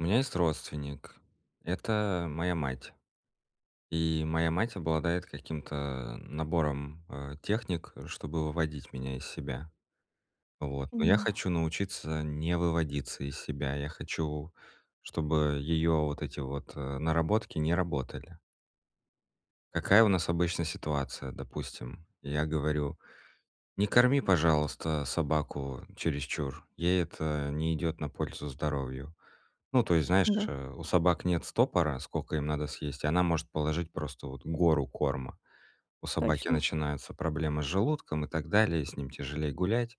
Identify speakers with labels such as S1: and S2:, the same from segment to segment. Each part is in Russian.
S1: У меня есть родственник. Это моя мать. И моя мать обладает каким-то набором, а, техник, чтобы выводить меня из себя. Вот, но я
S2: Понимаю.
S1: хочу научиться не выводиться из себя. Я хочу, чтобы её вот эти вот, э, наработки не работали. Какая у нас обычно ситуация? Допустим, я говорю: "Не корми, пожалуйста, собаку чересчур. Ей это не идёт на пользу здоровью". Ну, то есть, знаешь,
S2: Да.
S1: у собак нет стопора, сколько им надо съесть, она может положить просто вот гору корма. У собаки
S2: Точно.
S1: начинаются проблемы с желудком и так далее, с ним тяжелее гулять.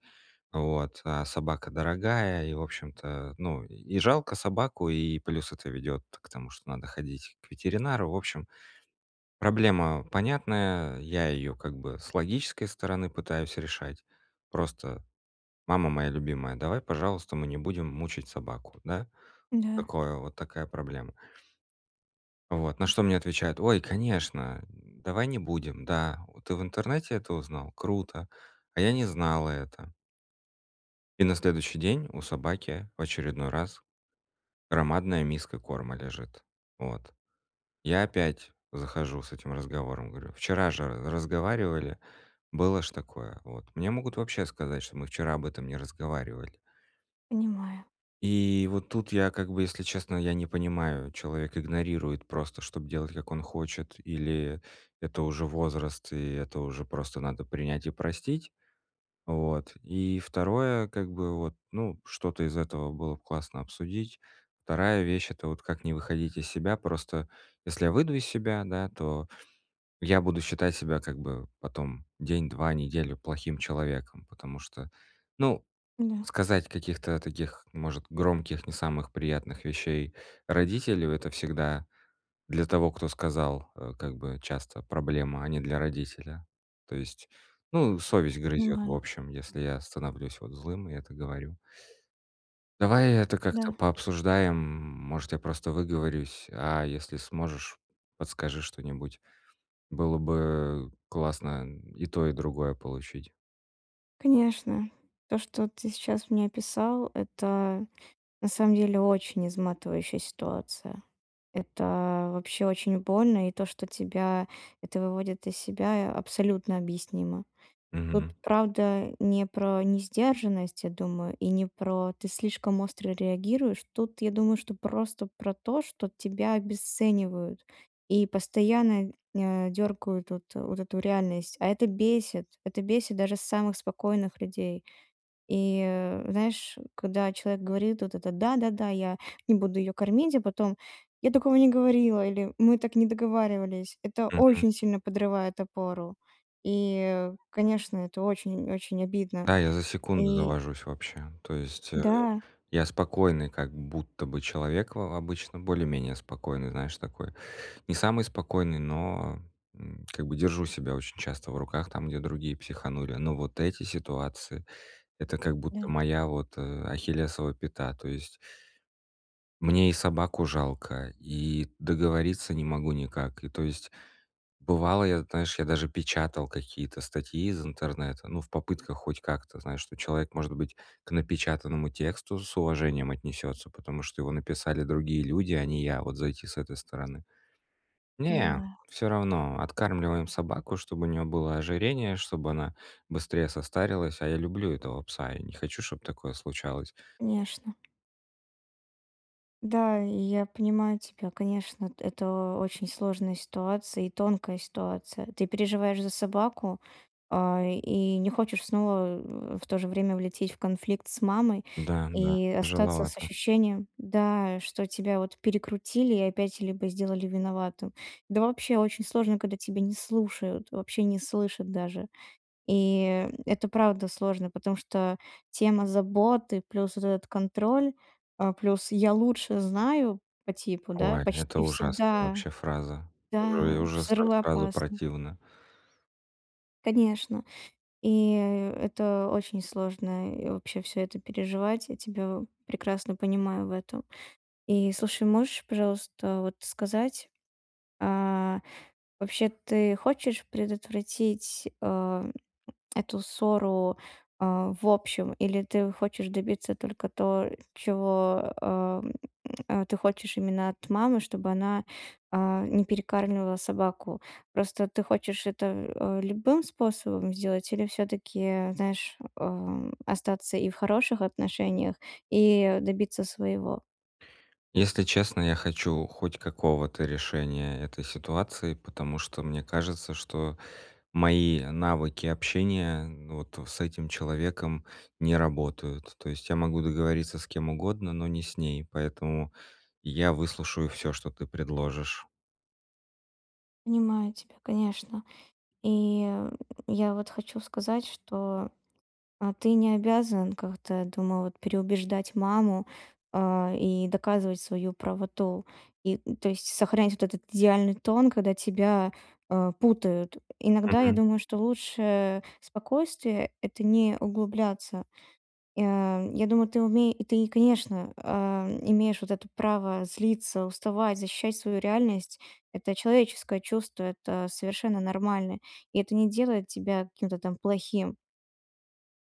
S1: Вот, а собака дорогая, и, в общем-то, ну, и жалко собаку, и плюс это ведёт к тому, что надо ходить к ветеринару. В общем, проблема понятная, я её как бы с логической стороны пытаюсь решать. Просто: "Мама моя любимая, давай, пожалуйста, мы не будем мучить собаку", да,
S2: Да.
S1: Такое вот, такая проблема. Вот на что мне отвечают: "Ой, конечно, давай не будем. Да, ты в интернете это узнал? Круто. А я не знала это". И на следующий день у собаки в очередной раз громадная миска корма лежит. Вот. Я опять захожу с этим разговором, говорю: "Вчера же разговаривали, было ж такое". Вот. Мне могут вообще сказать, что мы вчера об этом не разговаривали.
S2: Понимаю.
S1: И вот тут я как бы, если честно, я не понимаю: человек игнорирует просто, чтоб делать, как он хочет, или это уже возраст, и это уже просто надо принять и простить. Вот. И второе как-бы вот, ну, что-то из этого было б классно обсудить. Вторая вещь- это вот как не выходить из себя. Просто, если я выйду из себя, да, то я буду считать себя как бы потом день, 2, неделю плохим человеком. Потому что, ну,
S2: Н-да.
S1: сказать каких-то таких, может, громких, не самых приятных вещей родителю- это всегда для того, кто сказал, э, как бы, часто проблема, а не для родителя. То есть, ну, совесть грызет в
S2: Понимаю.
S1: общем, если я становлюсь вот злым и это говорю. Давай это как-то
S2: Да.
S1: пообсуждаем. Может, я просто выговорюсь. А если сможешь, подскажи что-нибудь. Было бы классно и то, и другое получить.
S2: Конечно. То, что ты сейчас мне описал, это на самом деле очень изматывающая ситуация. Это вообще очень больно, и то, что тебя это выводит из себя, а абсолютно объяснимо. Тут,
S1: Мгм.
S2: правда, не про несдержанность, я думаю, и не про "ты слишком остро реагируешь". Тут, я думаю, что просто про то, что тебя обесценивают и постоянно, э, дёргают вот э, вот эту реальность. А это бесит. Это бесит даже самых спокойных людей. И, э, знаешь, когда человек говорит вот это: "Да-да-да, я не буду её кормить", а потом: "Я такого не говорила" или "Мы так не договаривались". Это
S1: Мгм.
S2: очень сильно подрывает опору. И, конечно, это очень, очень обидно.
S1: Да, я за секунду
S2: И
S1: завожусь вообще. То есть, э,
S2: Да.
S1: я спокойный, как будто бы человек во во обычно, более-менее спокойный, знаешь, такой не самый спокойный, но, м, как бы держу себя очень часто в руках там, где другие психанули. Но вот эти ситуации- это как будто
S2: Да.
S1: моя вот, э, ахиллесова пята. То есть мне и собаку жалко, и договориться не могу никак. И, то есть, бывало, я, знаешь, я даже печатал какие-то статьи из интернета, ну, в попытках хоть как-то, знаешь, что человек, может быть, к напечатанному тексту с уважением отнесётся, потому что его написали другие люди, а не я, вот зайти с этой стороны. Не,
S2: Понимаю.
S1: всё равно, откармливаем собаку, чтобы у неё было ожирение, чтобы она быстрее состарилась, а я люблю этого пса, я не хочу, чтоб такое случалось.
S2: Конечно. Да, я я понимаю тебя, конечно, эт это очень сложная ситуация и тонкая ситуация. Ты переживаешь за собаку, а, и и не хочешь снова, э, в то же время, влететь в конфликт с мамой
S1: Да, да,
S2: и остаться с
S1: тяжеловато.
S2: ощущением, да, что тебя вот перекрутили и опять либо сделали виноватым. Да вообще очень сложно, когда тебе не слушают, вообще не слышат даже. И, м, это правда сложно, потому что тема заботы плюс вот этот контроль, а, плюс "я лучше знаю" по типу, да,
S1: Ой, это
S2: почти
S1: ужасная
S2: всегда,
S1: вообще фраза. Уже
S2: да,
S1: уже сразу
S2: взрывоопасно.
S1: противно.
S2: Конечно. И, э, это очень сложно и вообще всё это переживать. Я тебя в прекрасно понимаю в этом. И слушай, можешь, пожалуйста, вот сказать. А, вообще ты хочешь предотвратить, а, эту ссору, а, в общем или ты хочешь добиться только то, чего, ам, ты хочешь именно от мамы, чтобы она, а, не перекармливала собаку? Просто ты хочешь это, э, любым способом сделать или всё-таки, знаешь, ам, остаться и в хороших отношениях, и добиться своего?
S1: Если честно, я хочу хоть какого-то решения этой ситуации, потому что мне кажется, что мои навыки общения, ну, вот с этим человеком не работают. То есть я могу договориться с кем угодно, но не с ней. Поэтому я выслушаю всё, что ты предложишь.
S2: Понимаю тебя, конечно. И я вот хочу сказать, что, а, ты не обязан как-то, я думаю, вот переубеждать маму, а, и доказывать свою правоту. И, м, то есть сохранять вот этот идеальный тон, когда тебя, э, путают. Иногда я
S1: Мгм.
S2: думаю, что лучшее спокойствие- это не углубляться. Я я думаю, ты умее ты, конечно, э, м, имеешь вот это право злиться, уставать, защищать свою реальность. Это человеческое чувство, это совершенно нормально. И это не делает тебя каким-то там плохим.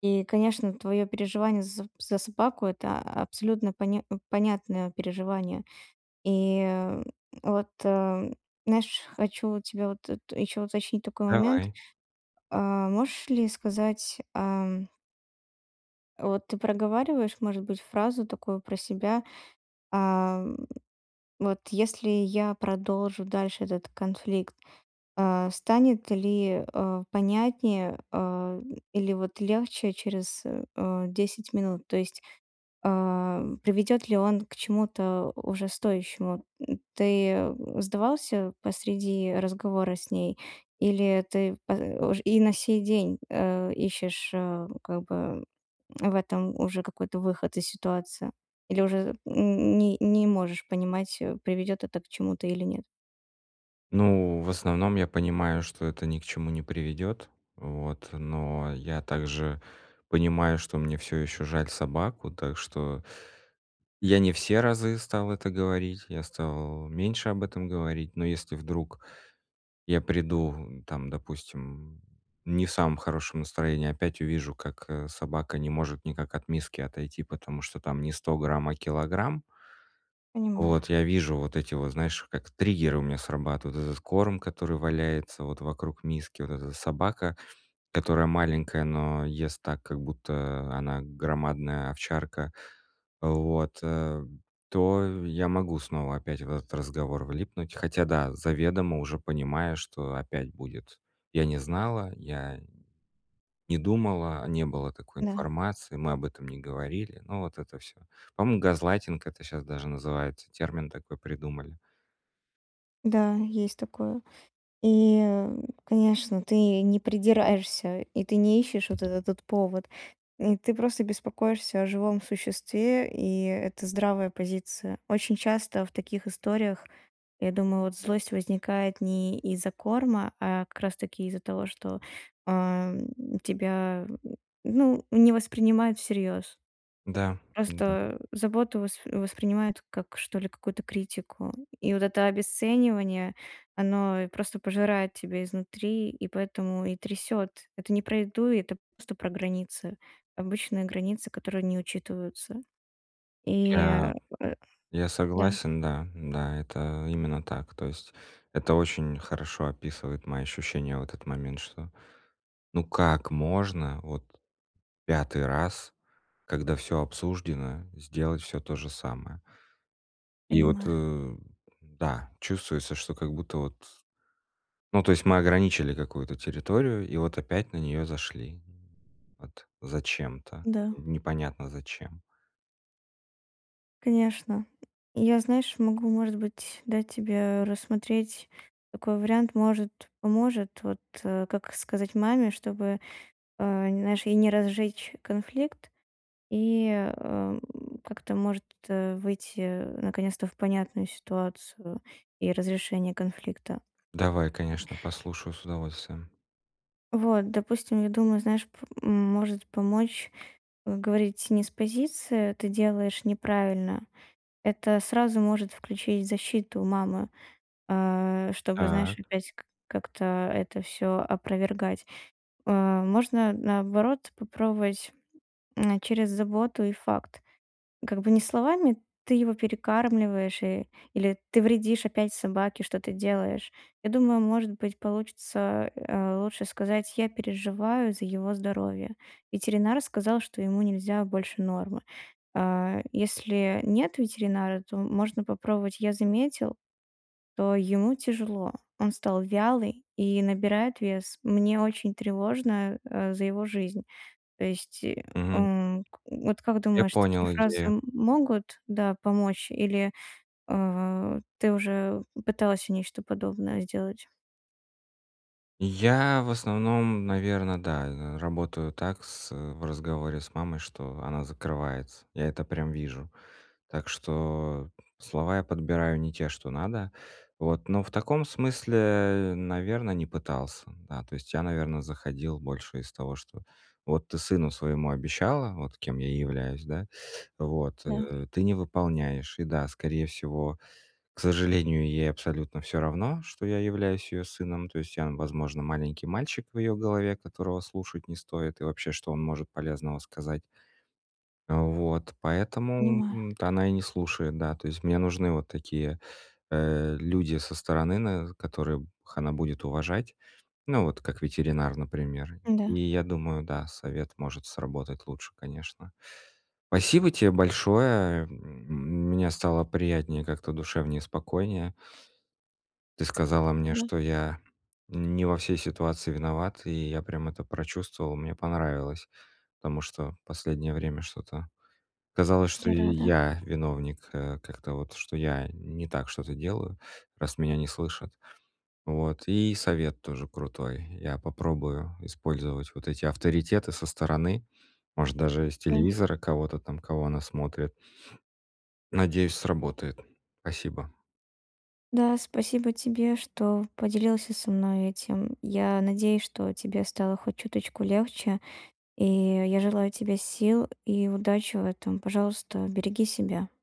S2: И, конечно, твоё переживание за соб за собаку- это абсолютно поня э, понятное переживание. И вот, э, м, знаешь, хочу вот тебе вот тут ещё уточнить такой момент:
S1: Давай.
S2: а, можешь ли сказать, а, м вот ты проговариваешь, может быть, фразу такую про себя: "А, м, вот если я продолжу дальше этот конфликт, а, станет ли, э, понятнее, э, или вот легче через, э, э, 10 минут?" То есть, а, м, приведёт ли он к чему-то уже стоящему? Ты, э, сдавался посреди разговора с ней, или ты по ож и на сей день, э, ищешь, э, как бы в этом уже какой-то выход из ситуации, или уже, м, м, ни не можешь понимать, э, приведёт это к чему-то или нет?
S1: Ну, в основном я понимаю, что это ни к чему не приведёт, вот. Но я также понимаю, что мне всё ещё жаль собаку. Так что Я не все разы стал это говорить, я стал меньше об этом говорить. Но если вдруг я приду там, допустим, не в самом хорошем настроении, опять увижу, как, э, собака не может никак от миски отойти, потому что там не 100 грамм, а килограмм.
S2: Понимаю.
S1: Вот, я вижу вот эти вот, знаешь, как триггеры у меня срабатывают. Этот корм, который валяется вот вокруг миски, вот эта собака, которая маленькая, но ест так, как будто она громадная овчарка, вот, э, то я могу снова опять в этот разговор влипнуть, хотя да, заведомо уже понимая, что опять будет: "Я не знала, я не думала, не было такой
S2: Да.
S1: информации, мы об этом не говорили",- ну, вот это всё. По-моему, газлайтинг это щас даже называется, термин такой придумали.
S2: Да, есть такое. И, м, конечно, ты не придираешься, и ты не ищешь вот этот вот повод. Э, ты просто беспокоишься о живом существе, и это здравая позиция. Очень часто в таких историях, я думаю, вот злость возникает не из-за корма, а как раз таки из-за того, что, э, м, тебя, ну, не воспринимают всерьёз.
S1: Да да.
S2: Просто заботу вос воспринимают как, что ли, какую-то критику. И вот это обесценивание, оно просто пожирает тебя изнутри, и поэтому и трясёт. Это не про еду, это просто про границы. Обычные границы, которые не учитываются. И,
S1: Я
S2: э
S1: я
S2: да.
S1: согласен, да. Да, это именно так. То есть это очень хорошо описывает мои ощущения в этот момент, что, ну, как можно вот 5 раз, когда всё обсуждено, сделать всё то же самое? И вот,
S2: Понимаю.
S1: э, да, чувствуется, что как будто вот Ну, то есть мы ограничили какую-то территорию- и вот опять на неё зашли. Вот зачем-то.
S2: Да.
S1: Непонятно зачем.
S2: Конечно. Я, знаешь, могу, может быть, дать тебе рассмотреть такой вариант. Может, поможет, вот, как сказать маме, чтобы, э, нь знаешь, и не разжечь конфликт, и, э, м, как-то, может, э, выйти, э, наконец-то в понятную ситуацию и разрешение конфликта.
S1: Давай, конечно, послушаю с удовольствием.
S2: Вот, допустим, я думаю, знаешь, п может помочь, э, говорить не с позиции: "Ты делаешь неправильно". Это сразу может включить защиту у мамы, а, чтобы, знаешь,
S1: Так.
S2: опять как как-то это всё опровергать. Э, можно наоборот попробовать, м, через заботу и факт. Как бы не словами: "Ты его перекармливаешь" и или "Ты вредишь опять собаке, что ты делаешь". Я думаю, может быть, получится, э, лучше сказать: "Я переживаю за его здоровье". Ветеринар сказал, что ему нельзя больше нормы. А, если нет ветеринара, то можно попробовать: "Я заметил, что ему тяжело, он стал вялый и набирает вес. Мне очень тревожно, э, за его жизнь". То есть,
S1: Мгм.
S2: м, вот как
S1: Я
S2: думаешь, такие
S1: понял
S2: фразы
S1: идею.
S2: могут, да, помочь, или, э, ты уже пытался нечто подобное сделать?
S1: Я, в основном, наверно, да, э, работаю так с в разговоре с мамой, что она закрывается. Я это прям вижу. Так что слова я подбираю не те, что надо, вот. Но в таком смысле, наверно, не пытался, да. То есть я, наверно, заходил больше из того, что вот ты сыну своему обещала, вот кем я и являюсь, да, вот,
S2: Да.
S1: э, ты не выполняешь. И да, скорее всего, к сожалению, ей абсолютно всё равно, что я являюсь её сыном, то есть я, возможно, маленький мальчик в её голове, которого слушать не стоит, и вообще, что он может полезного сказать. Вот, поэтому
S2: Понимаю.
S1: от она и не слушает. Да, то есть мне нужны вот такие, э, люди со стороны, наверно, которых она будет уважать. Ну, вот как ветеринар, например.
S2: Да.
S1: И я думаю, да, совет может сработать лучше, конечно. Спасибо тебе большое. Мне стало приятнее как-то, душевнее, спокойнее. Ты сказала мне,
S2: Да.
S1: что я не во всей ситуации виноват, и я прям это прочувствовал. Мне понравилось, потому что последнее время что-то казалось, что
S2: "Герада".
S1: я виновник, э, как-то вот, что я не так что-то делаю, раз меня не слышат. Вот, и совет тоже крутой. Я попробую использовать вот эти авторитеты со стороны. Может, даже с
S2: Да.
S1: телевизора кого-то там, кого она смотрит. Надеюсь, сработает. Спасибо.
S2: Да, спасибо тебе, что поделился со мной этим. Я надеюсь, что тебе стало хоть чуточку легче, и я желаю тебе сил и удачи в этом. Пожалуйста, береги себя.